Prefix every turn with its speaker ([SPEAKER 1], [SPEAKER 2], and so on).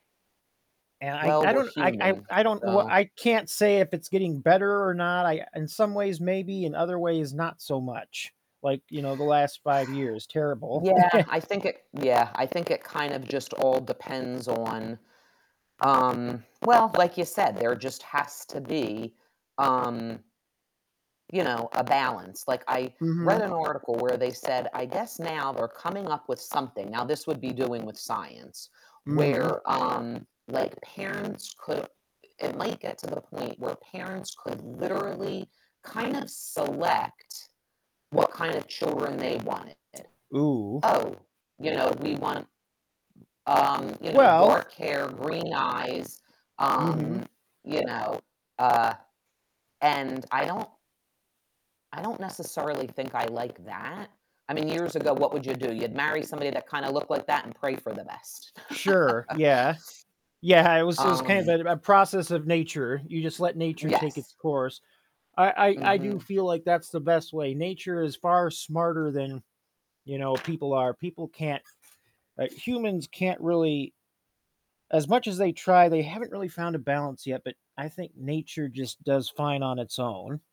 [SPEAKER 1] And I
[SPEAKER 2] Well,
[SPEAKER 1] I
[SPEAKER 2] we're
[SPEAKER 1] don't I I
[SPEAKER 2] human,
[SPEAKER 1] I don't know what
[SPEAKER 2] so
[SPEAKER 1] I can't say if it's getting better or not, I in some ways, maybe. In other ways, not so much. Like, you know, the last 5 years, terrible.
[SPEAKER 2] Yeah, I think it yeah, I think it kind of just all depends on, um well, like you said, there just has to be, um you know, a balance. Like, I read an
[SPEAKER 1] Mhm.
[SPEAKER 2] article where they said, I guess now we're coming up with something, now this would be doing with science.
[SPEAKER 1] Mhm.
[SPEAKER 2] Where, um, like, parents could it might get to the point where parents could literally kinda select what kind of children they wanted.
[SPEAKER 1] Ooh.
[SPEAKER 2] Oh, you know, we want, um, you know,
[SPEAKER 1] Well
[SPEAKER 2] dark hair, green eyes,
[SPEAKER 1] Mhm.
[SPEAKER 2] um, you know, uh, and I don't I don't necessarily think I like that. I mean, years ago, what would you do? You'd marry somebody that kinda looked like that and pray for the best.
[SPEAKER 1] Sure, yeah. Yeah, it was it was kind
[SPEAKER 2] Um
[SPEAKER 1] of a a process of nature. You just let nature take its
[SPEAKER 2] Yes.
[SPEAKER 1] course. I I I do
[SPEAKER 2] Mhm.
[SPEAKER 1] feel like that's the best way. Nature is far smarter than, you know, people are, people can't uh, humans can't really as much as they try, they haven't really found a balance yet, but I think nature just does fine on its own.